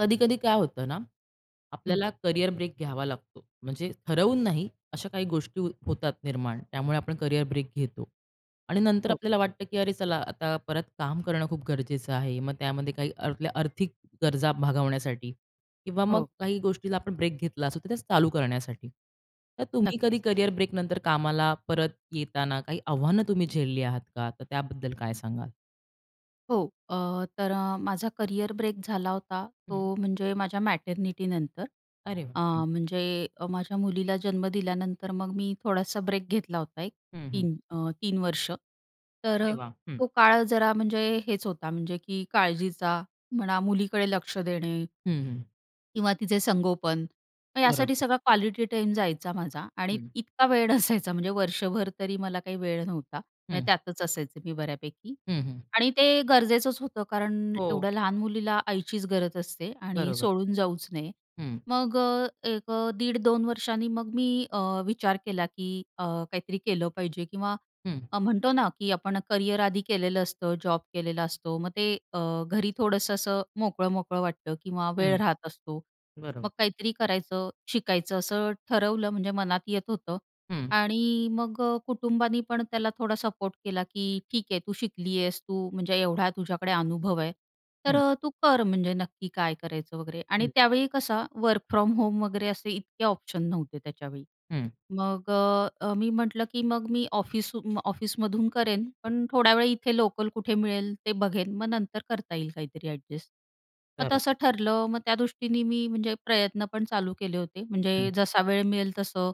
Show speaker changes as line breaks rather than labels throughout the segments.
कधी-कधी काय होतं ना,
हम्म.
आपल्याला करियर ब्रेक घ्यावा लागतो, म्हणजे ठरवून नाही, अशा काही गोष्टी होतात निर्माण, त्यामुळे आपण कॅरियर ब्रेक घेतो. आणि नंतर
हो.
आपल्याला वाटतं, की अरे, चला, आता परत काम करणं खूप गरजेचं आहे. मग त्यामध्ये काही आपल्या आर्थिक गरजा भागवण्यासाठी किंवा मग
हो.
काही गोष्टीला आपण ब्रेक घेतला असू, तर त्याच चालू करण्यासाठी. तर तुम्ही कधी
नक्कीच.
कॅरियर ब्रेकनंतर कामाला परत येताना काही आव्हानं तुम्ही झेलली आहात का? तर त्याबद्दल काय सांगाल?
हो, अ, तर माझा करिअर ब्रेक झाला होता,
हं.
तो म्हणजे माझ्या मॅटर्निटीनंतर.
अरे,
अ,
हं.
म्हणजे माझ्या मुलीला जन्म दिल्यानंतर, मग मी थोडासा ब्रेक घेतला होता, एक
हं, हं.
3 अ, 3 वर्ष. तर
अरे
अ,
वाह! हं.
तो काळ जरा म्हणजे हेच होता, म्हणजे की काळजीचा म्हणा, मुलीकडे लक्ष देणे
हं, हं.
किंवा तिचं संगोपन, यासाठी
बरोबर.
सगळा क्वालिटी टाईम जायचा माझा. आणि
हं.
इतका वेळ नसायचा, म्हणजे वर्षभर तरी मला काही वेळ नव्हता, म्हणजे
हं.
त्यातच असायचे मी बऱ्यापैकी.
हं, हं.
आणि ते गरजेचंच होतं, कारण
हो.
एवढ्या लहान मुलीला आईचीच गरज असते आणि
बरोबर.
सोडून जाऊच नये.
हं.
मग अ, एक 1.5-2 वर्षांनी मग मी, अ, विचार केला, की अ, काहीतरी केलं पाहिजे, किंवा
हं.
अ, म्हणतो ना, की आपण करियर आधी केलेलं असतं, जॉब केलेला असतो, मग ते अ, घरी थोडंसं असं मोकळं-मोकळं वाटतं किंवा वेळ
हं,
राहत असतो, मग
बरोबर.
काहीतरी करायचं, शिकायचं, असं ठरवलं. म्हणजे मनात येत होतं
हं.
आणि मग, अ, कुटुंबानी पण त्याला थोडा सपोर्ट केला, की ठीक आहे, तू शिकली आहेस, तू म्हणजे एवढा तुझ्याकडे अनुभव आहे, तर
हं.
तू कर. म्हणजे नक्की काय करायचं वगैरे. आणि
हं.
त्यावेळी कसं, वर्क फ्रॉम होम वगैरे असे इतके ऑप्शन नव्हते त्याच्यावेळी.
हं.
मग, अ, मी म्हटलं, की मग मी ऑफिस, ऑफिसमधून करेन, पण थोड्या वेळ, इथे लोकल कुठे मिळेल ते बघेन. मग नंतर करता येईल काहीतरी अ‍ॅडजस्ट. मग तसं
बरोबर.
ठरलं. मग त्या दृष्टीने मी, म्हणजे प्रयत्न पण चालू केले होते. म्हणजे
हं.
जसा वेळ मिळेल तसं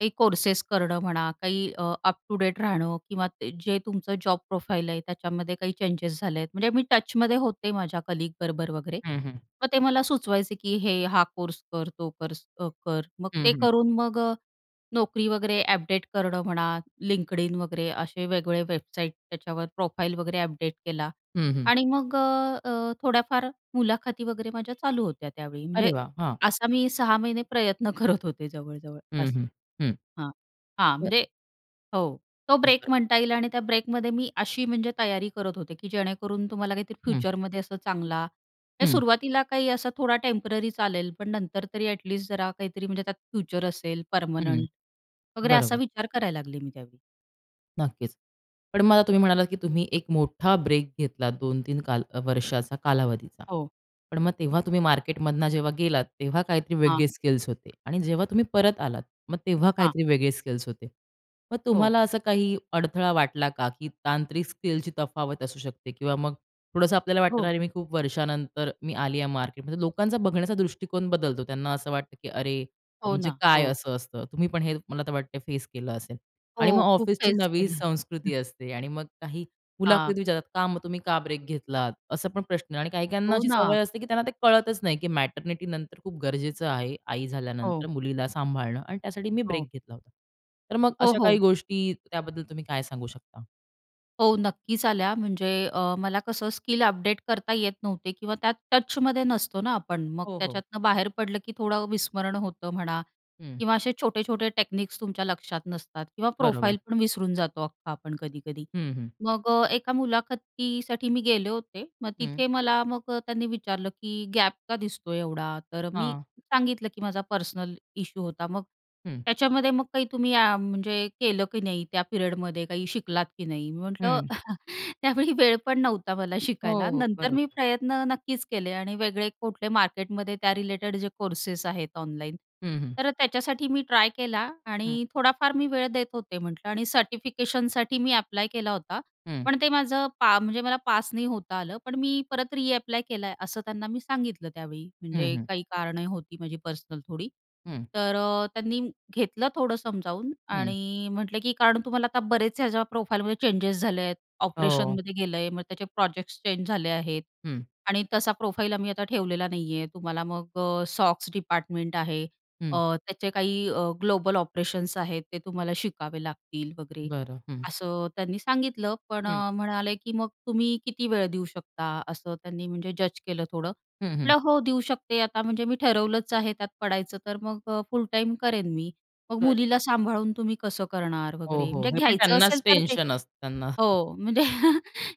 काही कोर्सेस करणं म्हणा, काही, अ, अप-टू-डेट राहणं, किंवा ते जे तुमचं जॉब प्रोफाइल आहे, त्याच्यामध्ये काही चेंजेस झाले आहेत. म्हणजे मी टचमध्ये होते माझ्या कलीग बरोबर वगैरे.
हं, हं.
मग ते मला सुचवायचे, की हे, हा कोर्स कर, तो कर कर. मग
हं,
ते
हं.
करून, मग, अ, नोकरी वगैरे अपडेट करणं म्हणा, LinkedIn वगैरे असे वेगवेगळे वेबसाईट, त्याच्यावर प्रोफाइल वगैरे अपडेट केला.
हं, हं.
आणि मग अ, थोड्याफार मुलाखती वगैरे माझ्या चालू होत्या त्यावेळी. म्हणजे
अरे वाह! हां.
असा मी 6 महिने प्रयत्न करत होते, जवळ-जवळ
हं,
असं
हं, हं.
हां, हां.
बरं.
म्हणजे हो, तो
हं.
ब्रेक
बरं.
म्हणता येईल. आणि त्या ब्रेकमध्ये मी अशी, म्हणजे तयारी करत होते, की जेणेकरून तुम्हाला काहीतरी
हं.
फ्युचरमध्ये असं चांगला हे
हं.
सुरुवातीला काही असा थोडा टेम्पररी चालेल, पण नंतर तरी ॲटलीस्ट जरा काहीतरी, म्हणजे त्यात फ्युचर असेल,
हं,
पर्मनंट वगैरे, असा
बरोबर.
विचार करायला लागले मी त्यावेळी.
नक्कीच. पण मला तुम्ही म्हणालात की तुम्ही एक मोठा ब्रेक घेतलात 2-3 काल अ, वर्षाचा कालावधीचा.
हो.
पण मग तेव्हा तुम्ही मार्केटमधनं जेव्हा गेलात, तेव्हा काहीतरी
हां.
वेगळे स्किल्स होते आणि जेव्हा तुम्ही परत आलात, मग तेव्हा
हां.
काहीतरी वेगळे स्किल्स होते. मग
हो.
तुम्हाला असं काही अडथळा वाटला का की तांत्रिक स्किलची तफावत असू शकते किंवा मग थोडंसं आपल्याला वाटतं ना,
हो.
"अरे मी खूप वर्षानंतर मी आली आहे मार्केट" म्हणजे लोकांचा बघण्याचा दृष्टिकोन बदलतो. त्यांना असं वाटतं की अरे अ,
हो
म्हणजे
ना.
काय
हो.
असं असतं तुम्ही पण हे मला तर वाटते फेस केलं असेल आणि मग
हो, खूप
ऑफिसची
काहीच
नवी
केलं.
संस्कृती असते आणि मग काही मुलाखतीत
हां.
विचारतात, "का? मग तुम्ही का ब्रेक घेतलात?" असं पण प्रश्न आहे आणि काही-काहींना
हो
अशी सवय
ना.
असते की त्यांना ते कळतच नाही की मॅटरनिटीनंतर खूप गरजेचं आहे. "आई
हो.
झाल्यानंतर मुलीला सांभाळणं आणि त्यासाठी मी
हो.
ब्रेक घेतला होता." तर मग
हो
अशा काही
हो.
गोष्टी त्याबद्दल तुम्ही काय सांगू शकता?
हो, नक्कीच आल्या म्हणजे अ, मला कसं स्किल अपडेट करता येत नव्हते किंवा त्या टचमध्ये नसतो ना आपण मग
हो, हो.
त्याच्यातनं बाहेर पडलं की थोडं विस्मरण होतं म्हणा
हं.
किंवा असे छोटे-छोटे टेक्निक्स तुमच्या लक्षात नसतात किंवा
बरोबर.
प्रोफाईल पण विसरून जातो अख्खा आपण कधी-कधी.
हं, हं.
मग अ, एका मुलाखतीसाठी मी गेले होते. मग
हं.
तिथे मला मग अ, त्यांनी विचारलं की "गॅप का दिसतो एवढा?" तर मी
हां.
सांगितलं की माझा पर्सनल इश्यू होता. मग,
हं.
"त्याच्यामध्ये मग काही तुम्ही अ, म्हणजे केलं की नाही? त्या पिरियडमध्ये काही शिकलात की नाही?" मी म्हटलं
हं.
"त्यावेळी वेळ पण नव्हता मला शिकायला.
हो, हो,
नंतर मी
बरोबर.
प्रयत्न नक्कीच केले आणि वेगळे कुठले मार्केटमध्ये त्या रिलेटेड जे कोर्सेस आहेत ऑनलाईन,
हं, हं.
तर अ, त्याच्यासाठी मी ट्राय केला
हं.
आणि थोडाफार मी वेळ देत होते म्हटलं आणि सर्टिफिकेशनसाठी मी अप्लाय केला होता,
हं.
पण ते माझं पा म्हणजे मला पास नाही होता आलं. पण मी परत रीअप्लाय केला आहे." असं त्यांना मी सांगितलं त्यावेळी
हं,
म्हणजे
हं.
काही कारणं होती माझी पर्सनल थोडी.
हं.
तर अ, त्यांनी घेतलं थोडं समजावून
हं.
आणि म्हटले की "कारण तुम्हाला आता बरेच ह्याच्या प्रोफाईलमध्ये चेंजेस झाले आहेत.
हो.
ऑपरेशनमध्ये गेलं आहे. मग त्याचे प्रोजेक्ट्स चेंज झाले आहेत.
हं.
आणि तसा प्रोफाईल आम्ही आता ठेवलेला नाही आहे. तुम्हाला मग अ, सॉक्स डिपार्टमेंट आहे. अ,
हं.
त्याचे काही अ, ग्लोबल ऑपरेशन्स आहेत. ते तुम्हाला शिकावे लागतील," वगैरे
बरं. हं.
असं त्यांनी सांगितलं. पण
हं.
अ, म्हणाले की "मग तुम्ही किती वेळ देऊ शकता?" असं त्यांनी म्हणजे जज केलं थोडं.
हं, हं.
म्हटलं, "हो देऊ शकते. आता म्हणजे मी ठरवलंच आहे त्यात पडायचं तर मग अ, फुल टाईम करेन मी." "मग
बरं.
मुलीला सांभाळून तुम्ही कसं करणार?"
हो,
वगैरे.
हो,
म्हणजे
हे पण
घ्यायचं असेल
त्यांनाच
तर ते
टेन्शन असतं ना.
हो, म्हणजे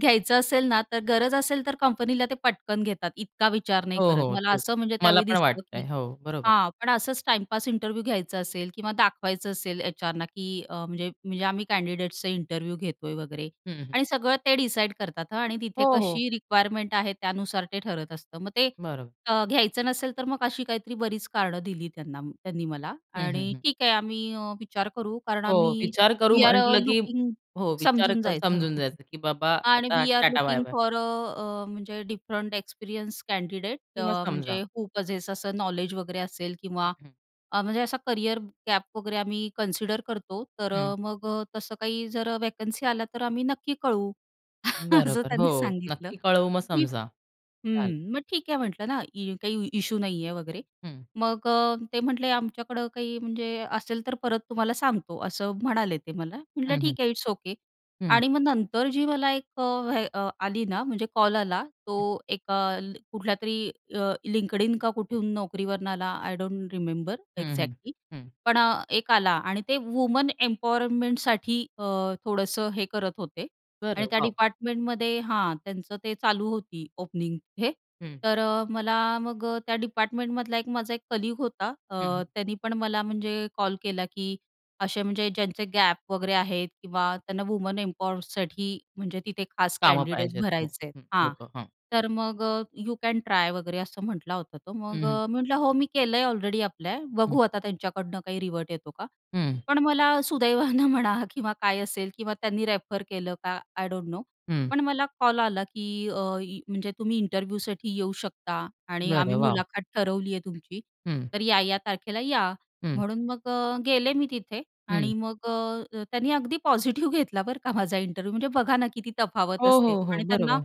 घ्यायचं असेल ना तर गरज असेल तर कंपनीला ते पटकन घेतात. इतका विचार नाही
हो
करत.
हो,
मला
तेच.
असं म्हणजे
मला
त्यावेळी
पण
दिसलं की
वाटतंय. हो, बरोबर.
हां, पण असंच टाईमपास इंटरव्ह्यू घ्यायचा असेल किंवा दाखवायचं असेल एच्आरना की अ, म्हणजे म्हणजे आम्ही कँडिडेट्सचा इंटरव्ह्यू घेतोय वगैरे
हं, हं.
आणि सगळं ते डिसाईड करतात हं आणि तिथे
हो, हो.
कशी रिक्वायरमेंट आहे त्यानुसार ते ठरत असतं. मग ते
बरोबर.
अ, घ्यायचं नसेल तर मग अशी काहीतरी बरीच कारणं दिली त्यांना त्यांनी मला.
हं, हं,
आणि
हं.
ठीक आहे आम्ही अ, विचार करू. कारण
हो
आम्ही
विचार करू
वी आर अ,
म्हटलं की
लुकिंग
हो, विचार
समजून
करू
जायचं
समजून जायचं की बाबा
आणि
आता,
we are
"tata
looking
bye bye."
For अ, अ, म्हणजे डिफरंट एक्सपिरियन्स कँडिडेट अ,
किंवा समजा.
म्हणजे व्हू पसेस असं अ, नॉलेज वगैरे असेल किंवा अ, म्हणजे असा करियर गॅप वगैरे आम्ही कन्सिडर करतो, तर
हं.
अ, मग तसं काही जर अ, व्हॅकन्सी आल्या तर आम्ही नक्की कळवू. असं
बरोबर, हो
त्यांनी सांगितलं
नक्की कळवू मग
की
समजा. चालेल.
हम्म, मग ठीक आहे म्हटलं ना, इ काही इश्यू नाही आहे वगैरे.
हं.
मग अ, ते म्हटले आमच्याकडं काही म्हणजे असेल तर परत तुम्हाला सांगतो, असं म्हणाले ते मला. म्हटलं
हं, हं.
ठीक आहे, इट्स ओके.
हं.
आणि मग नंतर जी मला एक अ, व्हे अ, आली ना म्हणजे कॉल आला तो
हं.
एका ल कुठल्यातरी अ, LinkedIn का कुठून, Naukriवरून आला आय डोंट रिमेंबर
हं, हं.
एक्झॅक्टली,
हं.
पण अ, एक आला आणि ते वुमन एम्पॉवरमेंटसाठी अ, थोडंसं हे करत होते.
बरं.
आणि त्या
वॉव!
डिपार्टमेंटमध्ये हां, त्यांचं ते चालू होती ओपनिंग हे.
हं.
तर अ, मला मग अ, त्या डिपार्टमेंटमधला एक माझा एक कलीग होता अ,
हं, हं.
त्याने पण मला म्हणजे कॉल केला की असे म्हणजे ज्यांचे गॅप वगैरे आहेत किंवा त्यांना वुमन एम्पॉवरसाठी म्हणजे तिथे खास
कामं
कँडिडेट
पाहिजेत. हो.
भरायचे आहेत.
हं.
हां.
लोकं. हां.
तर मग यू कॅन ट्राय वगैरे असं म्हटला होता तो.
हं,
मग
हं.
अ, मी म्हटलं, "हो, मी केलंय ऑलरेडी अप्लाय
हं.
बघू आता त्यांच्याकडनं काही रिव्हर्ट येतो का,"
हं.
पण मला सुदैवानं म्हणा किंवा काय असेल किंवा त्यांनी रेफर केलं का आय डोंट नो.
हं.
पण मला कॉल आला की अ, य म्हणजे, "तुम्ही इंटरव्ह्यूसाठी येऊ शकता आणि
बरं,
आम्ही
वॉव!
मुलाखत ठरवली आहे तुमची.
हं.
तर या-या तारखेला या."
हं.
म्हणून मग अ, गेले मी तिथे आणि
हं.
मग अ, अ, त्यांनी अगदी पॉझिटिव्ह घेतला बरं का माझा इंटरव्ह्यू. म्हणजे बघा ना किती तफावत
हो,
असते
हो, हो,
आणि त्यांना
बरोबर.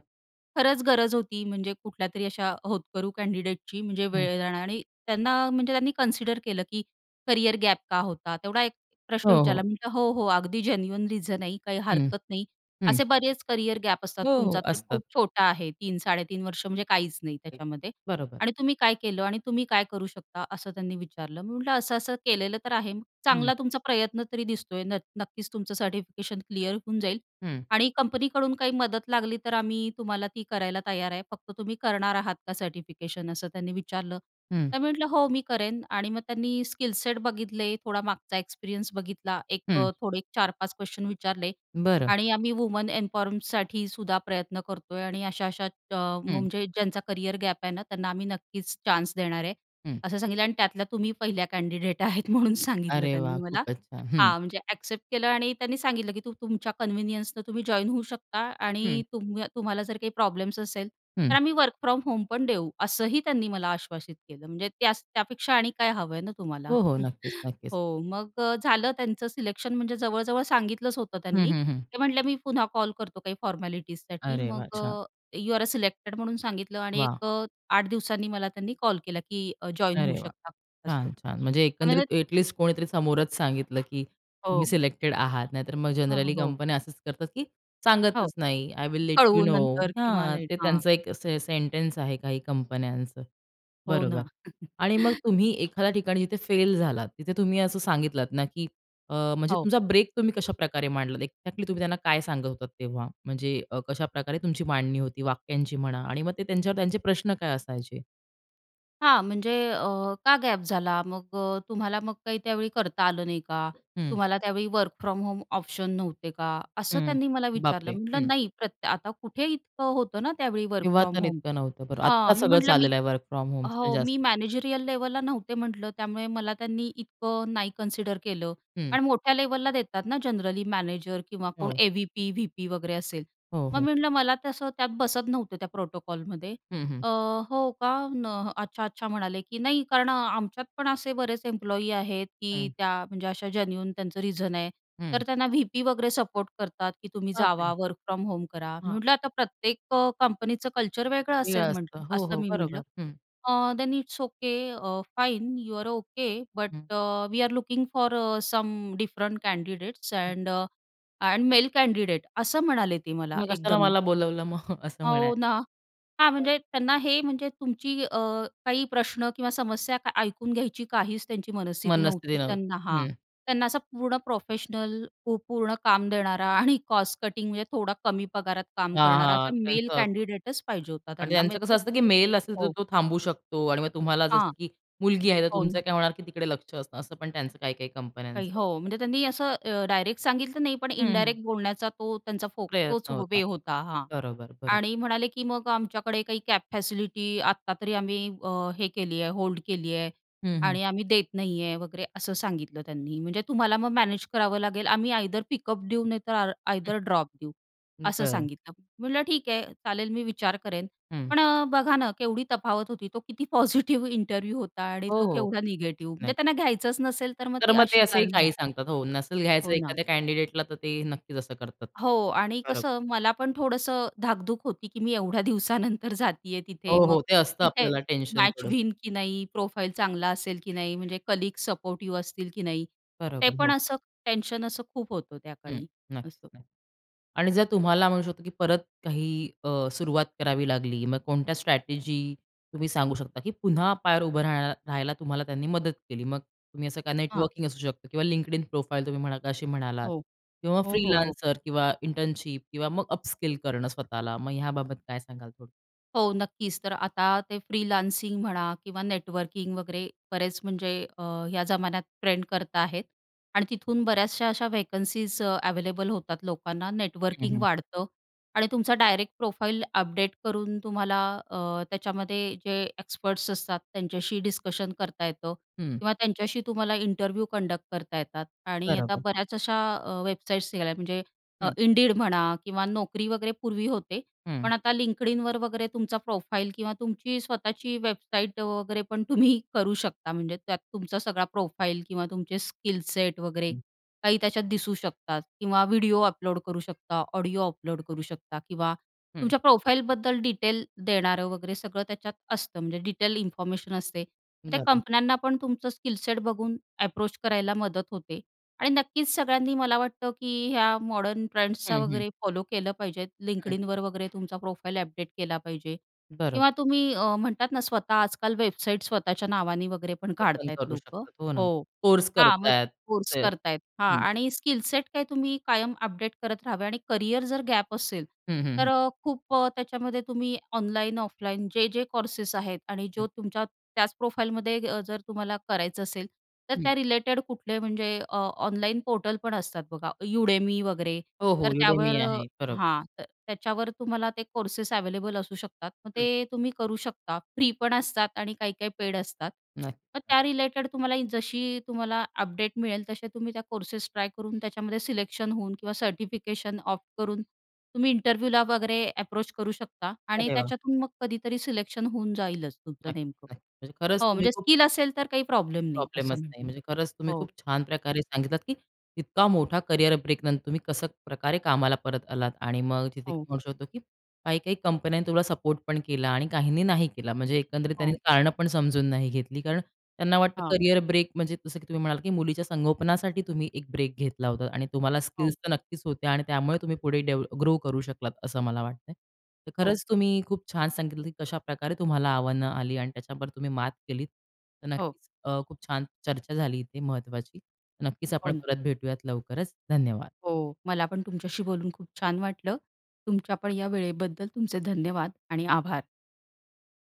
खरंच गरज होती म्हणजे कुठल्यातरी अशा होतकरू कँडिडेटची म्हणजे
हं.
वेळ जा आणि त्यांना म्हणजे त्यांनी कन्सिडर केलं की "करियर गॅप का होता?" तेवढा एक प्रश्न
हो, हो.
विचारला. मी म्हटलं, "हो, हो अगदी जेन्युइन रिझन आहे." "काही
हं.
हरकत नाही.
हं.
असे बरेच करियर गॅप असतात.
हो, हो,
तुमचा तर
असतात.
खूप छोटा आहे 3-3.5 वर्ष म्हणजे काहीच नाही
[unintelligible]
त्याच्यामध्ये.
बरोबर.
आणि तुम्ही काय केलं? आणि तुम्ही काय करू शकता?" असं त्यांनी विचारलं. मी म्हटलं असं-असं केलेलं तर आहे.
हं.
"चांगला तुमचा प्रयत्न तरी दिसतोय नत नक्कीच तुमचं सर्टिफिकेशन क्लिअर होऊन जाईल.
हं.
आणि कंपनीकडून काही मदत लागली तर आम्ही तुम्हाला ती करायला तयार आहे. फक्त तुम्ही करणार आहात का सर्टिफिकेशन?" असं त्यांनी विचारलं.
हं.
तर मी म्हटलं, "हो मी करेन." आणि मग त्यांनी स्किल-सेट बघितले. थोडा मागचा एक्सपिरियन्स बघितला. एक
हं.
अ, थोडे एक 4-5 क्वेस्शन विचारले.
बरं.
आणि आम्ही वुमन इन्फॉर्मसाठीसुद्धा प्रयत्न करतोय आणि अशा-अशा अ,
हं.
म्हणजे ज्यांचा करिअर गॅप आहे ना, त्यांना आम्ही नक्कीच चान्स देणार आहे,
हं.
असं सांगितलं आणि त्यातल्या तुम्ही पहिल्या कँडिडेट आहेत म्हणून सांगितलं
अरे
त्यांनी
वाह!
मला.
खूपच छान. हं.
हां, म्हणजे ॲक्सेप्ट केलं आणि त्यांनी सांगितलं की तू तुमच्या कन्व्हिनियन्सनं तुम्ही जॉइन होऊ शकता
हं.
आणि तुम्ह तुम्हाला जर काही प्रॉब्लेम्स असेल, तर
हं.
आम्ही वर्क फ्रॉम होम पण देऊ, असंही त्यांनी मला आश्वासित केलं. म्हणजे त्यास त्यापेक्षा आणि काय हवं आहे ना तुम्हाला?
हो, हो, नक्कीच नक्कीच.
हो मग अ, झालं त्यांचं सिलेक्शन म्हणजे जवळजवळ सांगितलंच होतं
हं,
त्यांनी.
हं, हं.
ते म्हटले, "मी पुन्हा कॉल करतो काही फॉर्मॅलिटीजसाठी."
अरे
मग
वाह!
अ,
छान.
"यू आर अ, सिलेक्टेड." म्हणून सांगितलं आणि
वाह!
एक अ, आठ दिवसांनी मला त्यांनी कॉल केला की अ, जॉइन होऊ
अरे वाह!
शकता असं.
छान, छान. म्हणजे
हां. म्हणजे
एकंदरीत ॲट लीस्ट कोणीतरी समोरच सांगितलं की तुम्ही
हो.
सिलेक्टेड आहात, नाहीतर मग
अ, ह
जनरली
हो.
कंपन्या असंच करतात की
हो,
सांगतच नाही. "आय विल लेट यू
कळवू
नो."
नंतर किंवा
हां.
लेट
ते
हां.
त्यांचं एक असे सेंटेन्स आहे काही कंपन्यांचं.
हो
बरोबर.
ना.
आणि मग तुम्ही एखाद्या ठिकाणी जिथे फेल झालात, तिथे तुम्ही असं सांगितलात ना की अ, म्हणजे
हो.
तुमचा ब्रेक तुम्ही कशाप्रकारे मांडलात? एक्झॅक्टली तुम्ही त्यांना काय सांगत होतात तेव्हा? म्हणजे अ, कशाप्रकारे तुमची मांडणी होती वाक्यांची म्हणा आणि मग ते त्यांच्यावर त्यांचे प्रश्न काय असायचे?
हां, म्हणजे, "अ, का गॅप झाला? मग तुम्हाला मग काही त्यावेळी करता आलं नाही का
हं.
तुम्हाला? त्यावेळी वर्क फ्रॉम होम ऑप्शन नव्हते का?" असं
हं.
त्यांनी मला विचारलं.
बापरे!
म्हटलं,
हं.
"नाही, प्रत्य आता कुठे इतकं होतं ना त्यावेळी वर्क
तेव्हा
फ्रॉम
तर
होम,"
इतकं नव्हतं, बरं. आत्ता
हां मी
सगळं
म्हटलं, "मी,"
चाललेलं आहे वर्क फ्रॉम होम, म्हणजे
हो
जास्त.
"मी मॅनेजेरियल लेव्हल ला नव्हते," म्हटलं, "त्यामुळे मला त्यांनी इतकं नाही कन्सिडर केलं
हं.
कारण मोठ्या लेव्हलला देतात ना जनरली, मॅनेजर किंवा कोण,
हो.
ए-व्ही-पी, व्ही-पी वगैरे असेल"
हो,
मग
हो.
मी म्हटलं, "मला तसं त्यात बसत नव्हतं त्या प्रोटोकॉल मध्ये,"
हं, हं.
"अ, हो का? न अच्छा, अच्छा." म्हणाले, "की नाही, कारण आमच्यात पण असे बरेच एम्प्लॉयी आहेत, की
हं.
त्या, म्हणजे अशा जन्यून त्यांचं रिझन आहे, तर
हं.
त्यांना व्ही-पी वगैरे सपोर्ट करतात, की तुम्ही
बाप रे!
जावा, वर्क फ्रॉम होम करा." मी म्हटलं,
हां.
"आता प्रत्येक कंपनीचं कल्चर वेगळं
निळा
असेल,"
असतं.
म्हटलं,
हो,
असं
हो,
मी म्हटलं,
बरोबर, हं.
"अ, देन इट्स ओके. अ, fine, you are okay. But,
हं.
अ, we are looking for some different candidates
हं.
अँड अ, मेल कँडिडेट," असं म्हणाले ते मला
मग कशाला
एकदम.
मला बोलावलं, मग असं म्हणायला?
हो ना. हां,
बरं.
म्हणजे त्यांना हे, म्हणजे तुमची, अ, काही प्रश्न किंवा समस्या ऐकून घ्यायची काहीच त्यांची मनस्थिती
मनस्थिती
नव्हती. त्यांना
नव्हती.
हां,
हं.
त्यांना असा पूर्ण प्रोफेशनल, पू पूर्ण काम देणारा, आणि कॉस्ट कटिंग, म्हणजे थोडा कमी पगारात काम
हां,
करणारा,
हां,
असा मेल
त्याचं असतं.आणि
कँडिडेट च पाहिजे होता त्यांना,
त्यांचं कसं
म्हणजे
असतं, की मेल असेल तर
हो.
तो थांबू शकतो आणि मग तुम्हाला असं
हां,
असतं, की मुलगी आहे, तर
हो
तुमचं
ना.
काय होणार की तिकडे लक्ष असतं, असं पण त्यांचं काही-काही कंपन्यांचं
नाही, हो,
असतं.
म्हणजे त्यांनी असं अ, डायरेक्ट सांगितलं नाही, पण
हं, हं.
इनडायरेक्ट बोलण्याचा तो त्यांचा फो तोच
प्रयत्न होता.
वे होता, हां.
बरोबर, बरोबर.
आणि म्हणाले, की "मग आमच्याकडे काही कॅब फॅसिलिटी आत्ता तरी आम्ही अ, हे केली आहे, होल्ड केली आहे
हं, हं.
आणि आम्ही देत नाही आहे," वगैरे असं सांगितलं त्यांनी. "म्हणजे तुम्हाला मग मॅनेज करावं लागेल, आम्ही आयदर पिकअप देऊ, नाही तर आ
हं.
आयदर ड्रॉप देऊ,"
हं,
असं
बरं.
सांगितलं. म्हटलं, "ठीक आहे, चालेल, मी विचार करेन."
हं.
पण, अ, बघा ना, केवढी तफावत होती. तो किती पॉझिटिव्ह इंटरव्ह्यू होता आणि
हो,
तो
हो,
केवढा निगेटिव्ह. म्हणजे
नाही.
त्यांना घ्यायचंच नसेल, तर मग
तर
ती
मग ते
अशी
असंही
कारणं
काही
देतात.
सांगतात. हो, नसेल घ्यायचं
हो ना.
एखाद्या कँडिडेट ला, तर ते नक्कीच असं करतात.
हो आणि
बरोबर.
कसं मला पण थोडंसं धाकधूक होती, की मी एवढ्या दिवसानंतर जातीय तिथे,
हो,
मग
हो, ते असतं,
तिथे
आपल्याला टेन्शन
मॅच
थोडसं.
होईन की नाही? प्रोफाइल चांगला असेल की नाही? म्हणजे कलीग सपोर्टिव्ह असतील की नाही, ते
बरोबर, हो.
पण असं टेन्शन खूप होतं
हं,
त्याकाळी, असं.
नक्की न आणि जर तुम्हाला, म्हणू शकतो, की परत काही, अ, सुरुवात करावी लागली, मग कोणत्या स्ट्रॅटेजी तुम्ही सांगू शकता, की पुन्हा पायावर उभं राहाय राहायला तुम्हाला त्यांनी मदत केली? मग तुम्ही असं का,
हां.
नेटवर्किंग असू शकतं, किंवा LinkedIn प्रोफाइल तुम्ही म्हणाला का, अशी म्हणालात,
हो,
किंवा
हो, हो, हो.
फ्रीलांसर किंवा इंटर्नशिप किंवा मग अपस्किल करणं स्वतःला, मग ह्याबाबत काय सांगाल, थोडं?
हो. नक्कीच. तर आता ते फ्रीलानसिंग म्हणा किंवा नेटवर्किंग वगैरे बरेच म्हणजे अ, या जमान्यात ट्रेंड करता आहेत. आणि तिथून बऱ्याचशा अशा व्हेकन्सीज अवेलेबल होतात लोकांना,
हं,
नेटवर्किंग
हं.
वाढतं आणि तुमचा डायरेक्ट प्रोफाइल अपडेट करून तुम्हाला अ, त्याच्यामध्ये जे एक्सपर्ट्स असतात, त्यांच्याशी डिस्कशन करता येतं
हं.
किंवा त्यांच्याशी तुम्हाला इंटरव्ह्यू कंडक्ट करता येतात. आणि आता
बरोबर.
बऱ्याच अशा अ, वेबसाईट्स निघाल्या म्हणजे अ,
हं.
Indeed म्हणा किंवा Naukri वगैरे पूर्वी होते,
हं.
पण आता LinkedInवर वगैरे तुमचा प्रोफाईल किंवा तुमची स्वतःची वेबसाईट वगैरे पण तुम्ही करू शकता. म्हणजे त्यात तुमचा सगळा प्रोफाईल किंवा तुमचे स्किल सेट वगैरे
हं.
काही त्याच्यात दिसू शकतात किंवा व्हिडिओ अपलोड करू शकता, ऑडिओ अपलोड करू शकता किंवा
हं.
तुमच्या प्रोफाइलबद्दल डिटेल देणारं वगैरे सगळं त्याच्यात असतं म्हणजे डिटेल इन्फॉर्मेशन असते. त्या
झाल.
कंपन्यांना पण तुमचं स्किलसेट बघून एप्रोच करायला मदत होते आणि नक्कीच सगळ्यांनी मला वाटतं, की ह्या मॉडर्न ट्रेंड्सचा
हं, हं.
वगैरे फॉलो केलं पाहिजे.
हं.
LinkedInवर वगैरे तुमचा प्रोफाईल अपडेट केला पाहिजे किंवा
बरोबर.
तुम्ही अ, म्हणतात ना स्वतः आजकाल वेबसाईट स्वतःच्या नावाने वगैरे पण
ओपन
काढतायत
करू
लोकं.
शकतात. हो ना.
हो.
कोर्स
हा मग
करतायत
कोर्स
ते.
करत आहेत. हा
हं.
आणि स्किल सेट काही तुम्ही कायम अपडेट करत राहावे आणि करियर जर गॅप असेल,
हं, हं.
तर
हं.
अ, खूप त्याच्यामध्ये तुम्ही ऑनलाईन ऑफलाईन जे-जे कोर्सेस आहेत आणि
हं.
जो तुमच्या त्याच प्रोफाईलमध्ये अ, जर तुम्हाला करायचं असेल, तर
हं.
त्या रिलेटेड कुठले म्हणजे अ, ऑनलाईन पोर्टल पण असतात बघा, Udemy वगैरे,
हो, हो.
तर
Udemy
त्यावर
आहे. बरोबर.
हां. तर त्याच्यावर तुम्हाला ते कोर्सेस अवेलेबल असू शकतात. मग
हं.
ते तुम्ही करू शकता, फ्री पण असतात आणि काही-काही पेड असतात. मग
नक्की.
त्या रिलेटेड तुम्हाला जशी तुम्हाला अपडेट मिळेल, तसे तुम्ही त्या कोर्सेस ट्राय करून त्याच्यामध्ये सिलेक्शन होऊन किंवा सर्टिफिकेशन ऑप्ट करून तुम्ही इंटरव्ह्यूला वगैरे एप्रोच करू शकता. आणि
अरे वाह!
त्याच्यातून मग कधीतरी सिलेक्शन होऊन जाईलच
नाही,
तुमचं नेमकं.
नाही. म्हणजे खरंच
हो
तुम्ही
म्हणजे
खूप
स्किल असेल तर काही प्रॉब्लेम नाही
प्रॉब्लेमच
असं
नाही.
म्हणा,
म्हणजे खरंच तुम्ही
हो.
खूप छान प्रकारे सांगितलात, की इतका मोठा करिअर ब्रेक नंतर तुम्ही कसं प्रकारे कामाला परत आलात आणि मग तिथे
हो.
म्हणू शकतो, की काही-काही कंपन्यांनी तुला सपोर्ट पण केला आणि काहींनी नाही केला. म्हणजे एकंदरीत त्यांनी
हो.
कारणं पण समजून नाही घेतली, कारण त्यांना वाटतं
हां.
करियर ब्रेक म्हणजे जसं की तुम्ही म्हणाला, की मुलीच्या संगोपनासाठी, तुम्ही एक ब्रेक घेतला होता आणि तुम्हाला स्किल्स
हो.
तर नक्कीच होत्या आणि त्यामुळे तुम्ही पुढे डेव ग्रो करू शकलात, असं मला वाटतंय. तर
हो.
खरंच तुम्ही खूप छान सांगितलं, की कशाप्रकारे तुम्हाला आव्हानं आली आणि त्याच्यावर तुम्ही मात केलीत. तर
हो.
नक्कीच अ, खूप छान चर्चा झाली इथे महत्त्वाची. नक्कीच
हो
आपण
ना.
परत भेटूयात लवकरच, धन्यवाद.
हो, मला पण तुमच्याशी बोलून खूप छान वाटलं. तुमच्या पण या वेळेबद्दल तुमचे धन्यवाद आणि आभार.